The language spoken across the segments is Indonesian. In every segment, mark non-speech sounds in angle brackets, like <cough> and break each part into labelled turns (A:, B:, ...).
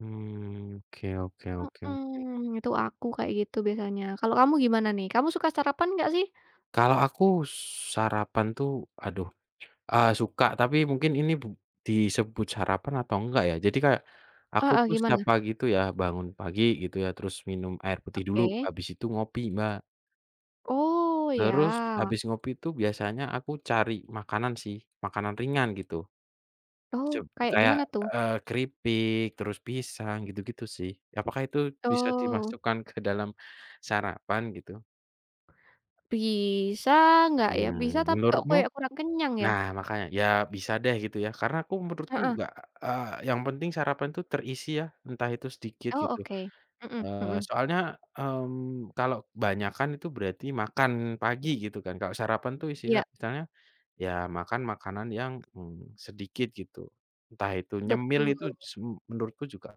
A: Hmm. Oke oke oke oke.
B: Heeh. Itu aku, kayak gitu biasanya, kalau kamu gimana nih, kamu suka sarapan enggak, sih?
A: Kalau aku sarapan tuh, aduh, eee, suka, tapi mungkin ini bu disebut sarapan atau enggak, ya. Jadi kayak, aku
B: Heeh,
A: tuh setiap
B: gimana?
A: pagi tuh ya bangun pagi gitu ya, terus minum air putih dulu,
B: Oke.
A: habis itu ngopi, Mbak.
B: Oh,
A: Terus
B: ya.
A: habis ngopi tuh biasanya aku cari makanan sih, makanan ringan, gitu. Seb
B: Oh, kaya
A: kayak,
B: gimana, tuh?
A: eee, keripik, terus pisang, gitu-gitu, sih. Apakah itu bisa
B: Oh.
A: dimasukkan ke dalam sarapan, gitu?
B: Bisa ngggak, ya? Bisa,
A: Mmm,
B: tapi kok
A: menurutmu?
B: kayak kurang kenyang, ya.
A: Nah, makanya. Ya, bisa deh, gitu, ya. Karena aku menurutku
B: Heeh.
A: juga, eee, yang penting sarapan tuh terisi ya, entah itu sedikit,
B: Oh,
A: gitu.
B: oke. Mhm
A: Eee,
B: mhm.
A: soalnya, mmm, kalau kebanyakan itu berarti makan pagi, gitu kan. Kalau sarapan tuh isilah
B: Iya.
A: istilahnya, ya, makan makanan yang, mmm, sedikit, gitu. Entah itu nyemil
B: Betul.
A: itu, su menurutku juga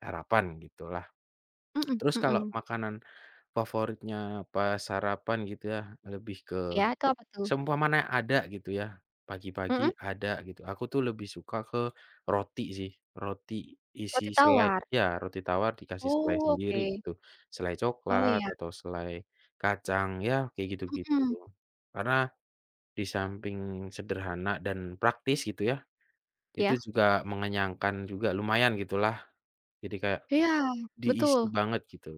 A: sarapan, gitulah. <clicks tongue>
B: Mhm
A: Terus kalau
B: mhm.
A: makanan favoritnya pas sarapan gitu ya, lebih ke
B: Iya, itu, apa tuh?
A: seumpamanya ada, gitu ya, pagi-pagi
B: Heeh.
A: ada gitu, aku tuh lebih suka ke roti sih, roti isi
B: Roti
A: selai
B: tawar.
A: iya, roti tawar dikasih selai
B: Oh,
A: sendiri,
B: oke.
A: itu. Selai
B: Oh,
A: coklat,
B: iya.
A: atau selai kacang, ya, kayak gitu-gitu.
B: Mhm.
A: Karena disamping sederhana, dan praktis gitu ya, itu
B: Iya.
A: juga mengenyangkan, juga lumayan gitulah. Jadi, kayak
B: Iya,
A: diisi
B: betul.
A: banget, gitu.